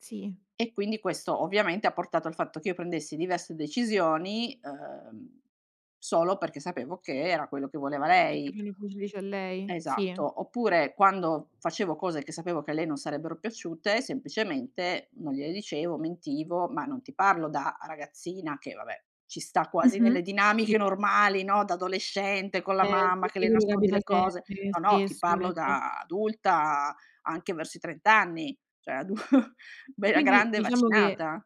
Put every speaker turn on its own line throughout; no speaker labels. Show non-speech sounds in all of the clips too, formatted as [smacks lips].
Sì.
E quindi questo, ovviamente, ha portato al fatto che io prendessi diverse decisioni, uhm, solo perché sapevo che era quello che voleva
Perché
lei.
mi [unintelligible] a lei? Sì?
Esatto. Oppure quando facevo cose che sapevo che a lei non sarebbero piaciute, semplicemente non gliele dicevo, mentivo; ma non ti parlo da ragazzina che, vabbè, ci sta quasi nelle
Mh-mh. Sì.
dinamiche normali, no, da adolescente con
Eh,
la mamma
[unintelligible]
che le
quello
nascondi
capita
le cose.
sempre
No, no, ti
spesso,
parlo
ecco.
da adulta anche verso i 30 anni cioè adu bella
Quindi,
grande e
diciamo che
vaccinata.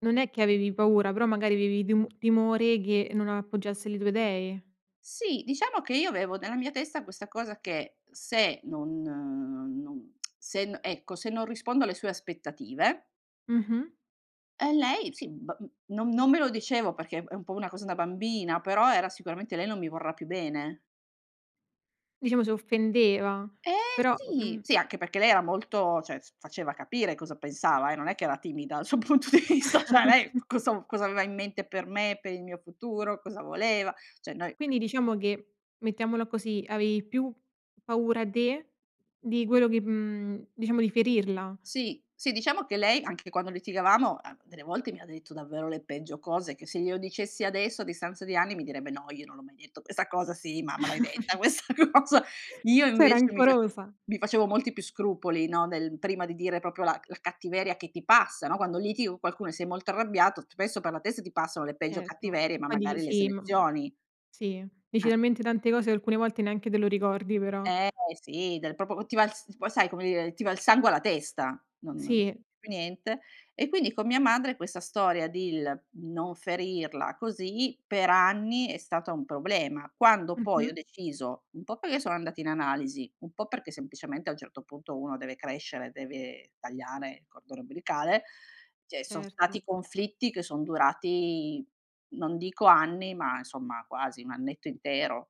non è che avevi paura, però magari avevi demo timore che non appoggiasse le tue idee.
Sì, diciamo che io avevo nella mia testa questa cosa che, se non non [smacks lips] se n ecco se non rispondo alle sue aspettative
Mh-mh.
ehm, lei, sì, ba n non non me lo dicevo, perché è un po' una cosa da bambina, però era sicuramente: "Lei non mi vorrà più bene."
Diciamo si offendeva.
Eh
Però
sì.
mhmm.
Sì anche perché lei era molto cioè s faceva capire cosa pensava, eh, non è che era timida sul punto di vista, cioè lei c
[chuckles]
cosa cosa aveva in mente per me, per il mio futuro, cosa voleva, cioè noi
Quindi diciamo che, mettiamola così, avevi più paura te di quello che, mhmm diciamo di ferirla.
Sì. Sì diciamo che lei, anche quando litigavamo, a delle volte mi ha detto davvero le peggio cose che se glielo dicessi adesso, a distanza di anni, mi direbbe: "No, io non l'ho mai detto questa cosa." "Sì, mamma l'hai detta
[chuckles]
questa cosa."
[chuckles]
Io
Sei
invece mi fa
rancorosa.
mi facevo molti più scrupoli, no, nel prima di dire proprio la c la cattiveria che ti passa, no? Quando litighi con qualcuno e sei molto arrabbiato, spesso per la testa ti passano le peggio
Ecco.
cattiverie,
Mhmm,
ma
poi dici
magari le
sì mhmm,
selezioni.
sì, dici
Eh.
talmente tante cose che alcune volte neanche te lo ricordi però.
Eh sì, dal proprio po ti va il s poi sai come dire, ti va il sangue alla testa, non
Sì.
più niente. E quindi con mia madre questa storia del non ferirla così, per anni è stata un problema. Quando poi
Mh-mh.
ho deciso un po' perché sono andata in analisi, un po' perché semplicemente a un certo punto uno deve crescere, deve tagliare il cordone ombelicale; cioè son
Certo.
stati conflitti che sono durati non dico anni, ma insomma quasi 1 annetto intero.